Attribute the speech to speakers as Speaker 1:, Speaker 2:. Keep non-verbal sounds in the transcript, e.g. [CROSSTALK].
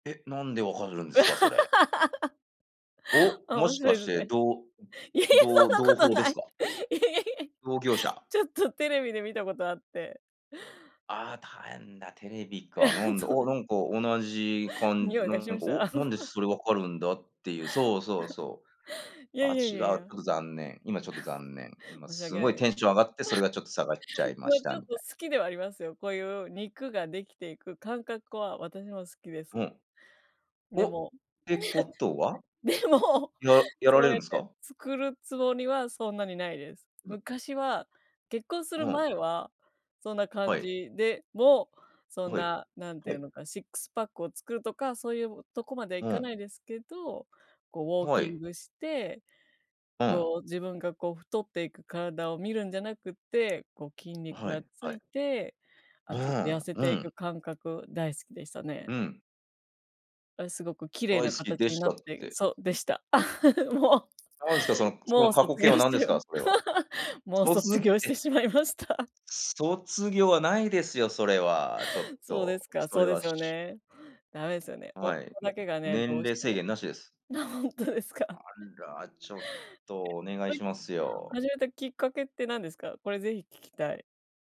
Speaker 1: え、なんで分かるんですか？それ。
Speaker 2: [LAUGHS]
Speaker 1: お、
Speaker 2: あ、
Speaker 1: も
Speaker 2: 面
Speaker 1: し
Speaker 2: 白
Speaker 1: か
Speaker 2: いで
Speaker 1: し
Speaker 2: す
Speaker 1: て
Speaker 2: ね。
Speaker 1: どう
Speaker 2: いえいえ、そ
Speaker 1: どう同
Speaker 2: んなこと
Speaker 1: 朋で
Speaker 2: な
Speaker 1: す
Speaker 2: い。い
Speaker 1: か？
Speaker 2: えいえ。
Speaker 1: 同業
Speaker 2: [LAUGHS]
Speaker 1: 者？
Speaker 2: ちょっとテレビで見たことあって。
Speaker 1: ああ、たえんだ、テレビか、な
Speaker 2: [LAUGHS]
Speaker 1: んだ、
Speaker 2: そう。
Speaker 1: お、なんか同じかん
Speaker 2: 匂いがし
Speaker 1: なん
Speaker 2: まし
Speaker 1: か、お、
Speaker 2: た？
Speaker 1: なんで
Speaker 2: [LAUGHS]
Speaker 1: それ分かるんだっていう、そうそうそう。
Speaker 2: [LAUGHS] いや
Speaker 1: あ、
Speaker 2: いやい
Speaker 1: 違う、ち
Speaker 2: やい
Speaker 1: ょっ
Speaker 2: や。
Speaker 1: と残念。今ちょっと残念。
Speaker 2: [LAUGHS]
Speaker 1: 今
Speaker 2: 申し
Speaker 1: す
Speaker 2: 訳な
Speaker 1: ご
Speaker 2: い
Speaker 1: い
Speaker 2: で
Speaker 1: テ
Speaker 2: す。
Speaker 1: ンション上がって、それ
Speaker 2: [LAUGHS]
Speaker 1: がちょっと下がっちゃいま
Speaker 2: ま
Speaker 1: し
Speaker 2: あ、ち
Speaker 1: た、
Speaker 2: ょっ
Speaker 1: み
Speaker 2: と
Speaker 1: たい。
Speaker 2: 好きではありますよ、こういう肉ができていく感覚は私も好きで
Speaker 1: う
Speaker 2: す。
Speaker 1: ん。
Speaker 2: で
Speaker 1: お、
Speaker 2: も [LAUGHS]
Speaker 1: てことは？
Speaker 2: でも、
Speaker 1: ややら
Speaker 2: そ
Speaker 1: れ
Speaker 2: う
Speaker 1: る
Speaker 2: や
Speaker 1: ん
Speaker 2: っ
Speaker 1: です
Speaker 2: て
Speaker 1: か？
Speaker 2: 作るつもりは、そんなにないです。
Speaker 1: うん。
Speaker 2: 昔は結婚す
Speaker 1: う
Speaker 2: る
Speaker 1: ん。
Speaker 2: 前は、そんな
Speaker 1: は
Speaker 2: 感
Speaker 1: い。
Speaker 2: じでも、そん
Speaker 1: はい。
Speaker 2: な、何て
Speaker 1: は
Speaker 2: いう
Speaker 1: い。
Speaker 2: のか、シックスパックを作るとか、そういうとこまではい
Speaker 1: う
Speaker 2: か
Speaker 1: ん。
Speaker 2: ないですけど、こうウォー
Speaker 1: は
Speaker 2: キン
Speaker 1: い。
Speaker 2: グして、
Speaker 1: うん。
Speaker 2: こう自分がこう太っていく体を見るんじゃなくて、こう筋肉
Speaker 1: は
Speaker 2: が
Speaker 1: い、
Speaker 2: つ
Speaker 1: はい。
Speaker 2: いて、
Speaker 1: う
Speaker 2: あ、ちょっと
Speaker 1: ー
Speaker 2: 痩
Speaker 1: ん、
Speaker 2: せ
Speaker 1: う
Speaker 2: てい
Speaker 1: ん。
Speaker 2: く感覚大好きでしたね。
Speaker 1: うん。
Speaker 2: あ、すごく綺麗
Speaker 1: 「大好
Speaker 2: な
Speaker 1: き
Speaker 2: 形
Speaker 1: で
Speaker 2: に
Speaker 1: し
Speaker 2: な
Speaker 1: た」
Speaker 2: っ
Speaker 1: っ
Speaker 2: て
Speaker 1: て。
Speaker 2: そう、でした。[LAUGHS] も
Speaker 1: 何ですか、その
Speaker 2: う
Speaker 1: その
Speaker 2: もう
Speaker 1: 過去
Speaker 2: 卒
Speaker 1: 形
Speaker 2: 業
Speaker 1: は
Speaker 2: し
Speaker 1: 何で
Speaker 2: ち
Speaker 1: す
Speaker 2: ゃい
Speaker 1: か、
Speaker 2: ま
Speaker 1: それは。
Speaker 2: [LAUGHS] もう
Speaker 1: 卒
Speaker 2: 卒
Speaker 1: っ
Speaker 2: 業して
Speaker 1: て
Speaker 2: しまいました。
Speaker 1: 卒業はないですよ、それは、ちょっ
Speaker 2: そうで
Speaker 1: と。
Speaker 2: すか、
Speaker 1: それ
Speaker 2: そうで
Speaker 1: は
Speaker 2: すよ
Speaker 1: し
Speaker 2: ね。ダメですよね。夫
Speaker 1: はい、
Speaker 2: だけがね、ど
Speaker 1: 年
Speaker 2: うし
Speaker 1: 齢
Speaker 2: て
Speaker 1: 制
Speaker 2: も。
Speaker 1: 限なしです。
Speaker 2: な、ほんとです
Speaker 1: あ
Speaker 2: か？[LAUGHS]
Speaker 1: ら、ちょっとお願いし
Speaker 2: [UNINTELLIGIBLE]
Speaker 1: ますよ。
Speaker 2: 始めたきっかけって何ですか？これぜひ聞きたい。